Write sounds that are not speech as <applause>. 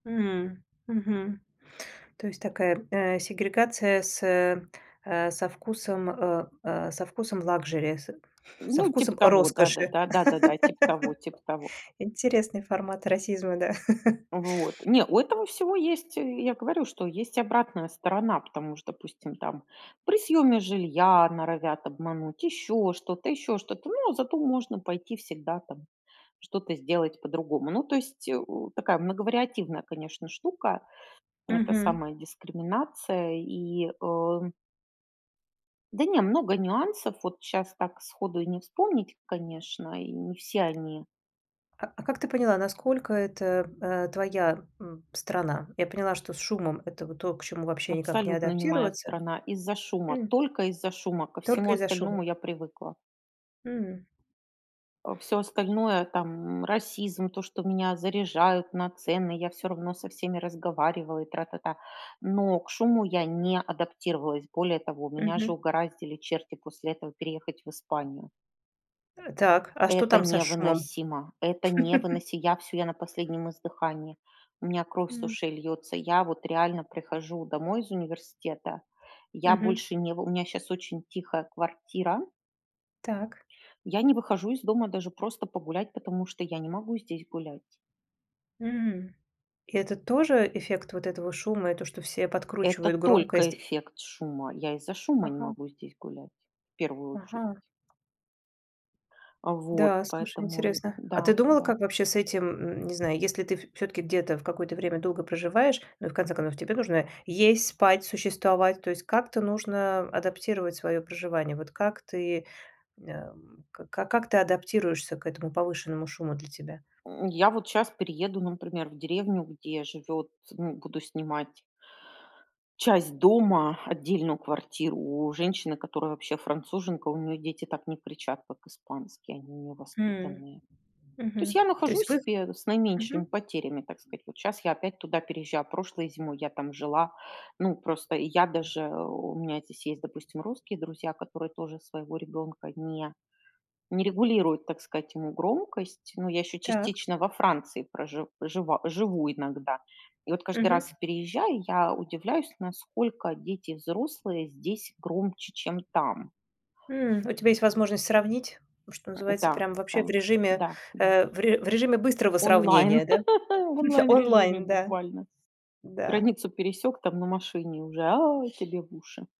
М, мгм. То есть такая, а, сегрегация с, э, со вкусом, э э, со вкусом лакшери, <chuckles> с со Ну, типа вкусом того, роскоши. да-да-да, да-да-да, типа того, типа того. <laughs> Интересный формат расизма, да. <chuckles> Вот. Не, у этого всего есть, э, я говорю, что есть обратная сторона, потому что, допустим, там при съеме жилья норовят обмануть, еще что-то, еще что-то, ну, а зато можно пойти всегда там что-то сделать по-другому. Ну, то есть, э, такая многовариативная, конечно, штука. Это Мгм. самая дискриминация и, э Да не, много нюансов. Вот щас так сходу и не вспомнить, конечно, и не все они А а как ты поняла, насколько это, э, твоя, м, страна? Я поняла, что с шумом это вот то, к чему вообще никак не Абсолютно не моя адаптироваться? страна. Из-за шума, М. только из-за шума, ко всему Только из-за остальному шума. я привыкла. Мгм. Э, всё остальное там, м, расизм, то, что меня заряжают на цены, я всё равно со всеми разговариваю и тра-та-та, но к шуму я не адаптировалась. Более того, меня же Мгм. угораздили черти после этого переехать в Испанию. Э, так, а что Это там со шумом? невыносимо. Это <laughs> невыносимо. Я всё, на последнем издыхании, у меня кровь с М. ушей льется. Я вот реально прихожу домой из университета, я Мгм. больше не вы у меня сейчас очень тихая квартира. Так. Я не выхожу из дома даже просто погулять, потому что я не могу здесь гулять. М. Это тоже эффект вот этого шума, и то что все Это подкручивают только громкость? эффект шума, из-за шума не Ага. могу здесь гулять, в первую очередь. Ага. А, вот Да, слушай, поэтому интересно. А ты да, думала, да. как вообще с этим, м, не знаю, если ты в всё-таки где-то в какое-то время долго проживаешь, ну, в конце концов, тебе нужно есть, спать, существовать, то есть как-то нужно адаптировать свое проживание. Вот как ты, м, э, ка как ты адаптируешься к этому повышенному шуму для тебя? М, я вот щас перееду, например, в деревню, где живет ну, буду снимать часть дома, отдельную квартиру у женщины, которая вообще француженка, у нее дети так не кричат, как испанские, они у нее М. воспитанные. То есть Мгм. я То нахожу есть вых себе с наименьшими Мгм. потерями, так сказать: вот щас я опять туда переезжаю, прошлой зимой я там жила. Ну, просто я даже, э, у меня здесь есть, допустим, русские друзья, которые тоже своего ребёнка не не регулируют, так сказать, ему громкость. Но я ещё Так. частично во Франции прожив жива, живу иногда. И вот каждый раз Мгм. переезжая, я удивляюсь насколько дети, взрослые здесь громче, чем там. М, у тебя есть возможность сравнить, ну, что называется, Да, прям вообще в да, режиме, да, да. э, в ре в режиме быстрого Онлайн. сравнения, да, <laughs> В <chuckles> онлайн-режиме онлайн, да. буквально. Да. Границу пересёк там на машине уже: "А!"- тебе в уши.